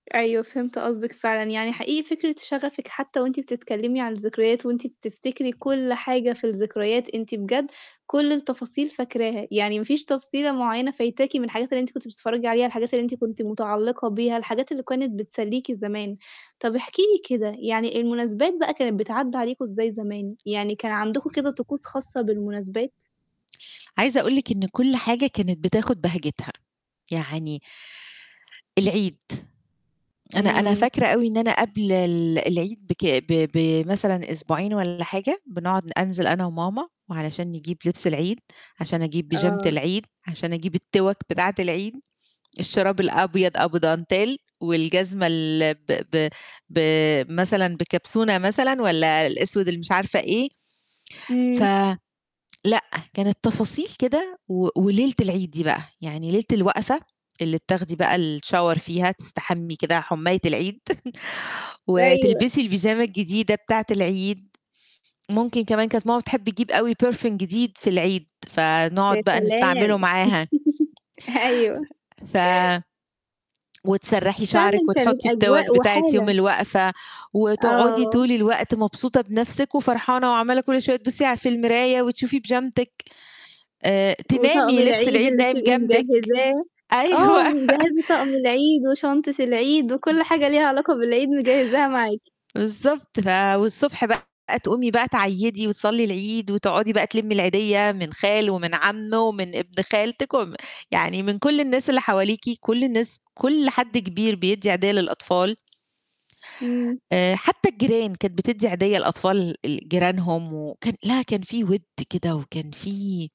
أيوه، فهمت قصدِك فعلًا، يعني حقيقي فكرة شغفِك حتّى وأنتِ بتتكلّمي عن الذكريات، وأنتِ بتفتكري كُلّ حاجة في الذكريات، أنتِ بجد كُلّ التفاصيل فاكراها، يعني ما فيش تفصيلة مُعيّنة فايتاكِ من الحاجات اللي أنتِ كنتِ بتتفرّجي عليها، الحاجات اللي أنتِ كنتِ مُتعلقة بيها، الحاجات اللي كانت بتسليكِ زمان، طب احكي لي كده يعني المُناسبات بقى كانت بتعدى عليكم إزاي زمان، يعني كان عندكم كده طقوس خاصة بالمُناسبات؟ عايزة أقول لِك إن كُلّ حاجة كانت بتاخُد بهجتها، يعني العيد، أنا أنا إمم. فاكرة أوي إن أنا قبل ال العيد بك ب بمثلًا أسبوعين والّا حاجة، بنقعد ن أنزل أنا وماما، وعلشان نجيب لبس العيد، عشان أجيب بيجامة آه. العيد، عشان أجيب التِوَك بتاعة العيد، الشراب الأبيض أبو dentelle والجزمة ال ب ب ب مثلًا بكبسونة مثلًا، والّا الأسود اللي مش عارفة إيه؟ ف إمم. لأ، كانت تفاصيل كده و وليلة العيد دي بقى، يعني ليلة الوقفة اللي بتاخدي بقى الShower فيها تستحمي كده حُماية العيد، أيوه. وتلبسي البيجامة الجديدة بتاعة العيد، ممكن كمان كانت ماما بتحب تجيب أوي perfume جديد في العيد، يا فنقعد بقى نستعمله سلام! معاها. أيوه. ف وتسرّحي شعرِك فعلًا كانت وتحطي التِوَك أجواء بتاعة يوم وحالة. الوقفة، وتقعدي آه. طول الوقت مبسوطة بنفْسك وفرحانة، وعمّالة كُلّ شوية تبُصّي على في المراية، وتشوفي بيجامتِك، آآ وطقم تنامي لبس العيد العيد اللي نايم بتبقى جنبك، مجهزاه، أيوه آه، مجهزة طقم العيد، وشنطة العيد، وكُلّ حاجة ليها علاقة بالعيد مجهزاها معاكِ. بالضبط ف والصبح بقى تقومي بقى تعيّدي وتصلّي العيد وتقعدي بقى تلمّي العيدية، من خالُه ومن عمه ومن ابن خالتِك، وم يعني من كُلّ الناس اللي حواليكِ، كُلّ الناس، كُلّ حد كبير بيدّي عيدية للأطفال. إمم. آآ حتّى الجيران، كانت بتدي عيدية لأطفال ال جيرانهم، وكان لا كان في وِد كده وكان في